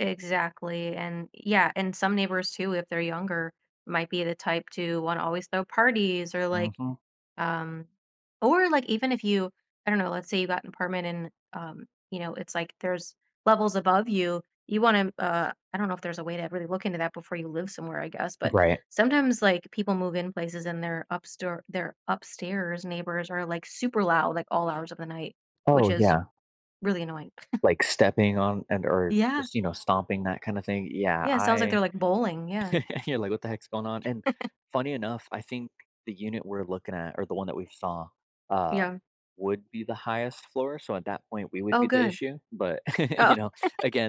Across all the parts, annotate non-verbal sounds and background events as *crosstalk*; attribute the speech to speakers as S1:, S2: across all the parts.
S1: Exactly, and yeah, and some neighbors too, if they're younger, might be the type to wanna always throw parties or, like,
S2: Mhm.
S1: um or, like, even if you I don't know, let's say you got an apartment and, um, you know, it's like there's levels above you. You wanna, uh I don't know if there's a way to really look into that before you live somewhere, I guess, but
S2: Right.
S1: sometimes, like, people move in places and their up store their upstairs neighbors are, like, super loud, like, all hours of the night, which
S2: Oh,
S1: is
S2: yeah.
S1: really annoying. *chuckles*
S2: Like, stepping on and or
S1: Yeah.
S2: just, you know, stomping, that kinda thing, yeah,
S1: Yeah, sounds like they're,
S2: I
S1: like, bowling, yeah.
S2: *laughs* You're like, "What the heck's going on?" And
S1: *chuckles*
S2: funny enough, I think the unit we're looking at or the one that we've saw, um,
S1: Yeah.
S2: would be the highest floor, so at that point, we would
S1: Oh,
S2: be the
S1: good.
S2: issue, but, *chuckles* you
S1: Oh.
S2: know,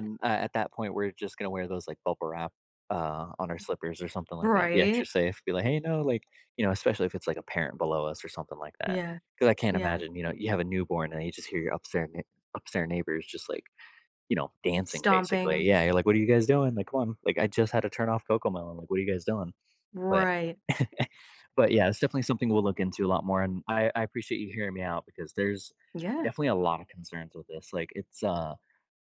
S1: *chuckles*
S2: a at that point, we're just gonna wear those, like, bubble wrap, uh, on our slippers or something like that, be extra
S1: Right.
S2: safe, be like, "Hey, no" like, you know, especially if it's, like, a parent below us or something like that
S1: Yeah,
S2: 'cause I can't
S1: yeah.
S2: imagine, you know, you have a newborn, and you just hear your upstair nei upstair neighbors just, like, you know, dancing, basically.
S1: Stomping.
S2: Yeah you're like, "What are you guys doing? Like, come on, like, I just had to turn off Cocomelon, like, what are you guys doing?" but
S1: Right.
S2: *chuckles* but, yeah, it's definitely something we'll look into a lot more, and I I appreciate you hearing me out because there's
S1: Yeah.
S2: definitely a lotta concerns with this, like, it's, uh,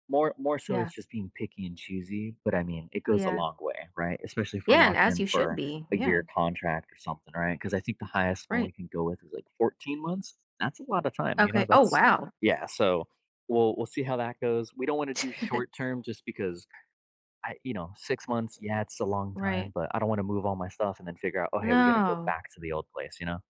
S2: more more so
S1: Yeah.
S2: it's just being picky and choosy, but, I mean, it goes a
S1: Yeah.
S2: long way, right? Especially if we're
S1: Yeah, and
S2: locked
S1: as
S2: in
S1: you should
S2: for
S1: be,
S2: a year
S1: yeah.
S2: contract or something, right? 'Cause I think the highest one we
S1: Right.
S2: can go with is like 14 months? That's a lotta time, you know,
S1: Okay oh,
S2: that's
S1: wow.
S2: Yeah, so we'll we'll see how that goes. We don't wanna do
S1: *chuckles*
S2: short-term just because I you know, 6 months, yeah, it's a long time,
S1: Right.
S2: but I don't wanna move all my stuff and then figure out, "Oh, hey, we gotta go
S1: No.
S2: back to the old place," you know?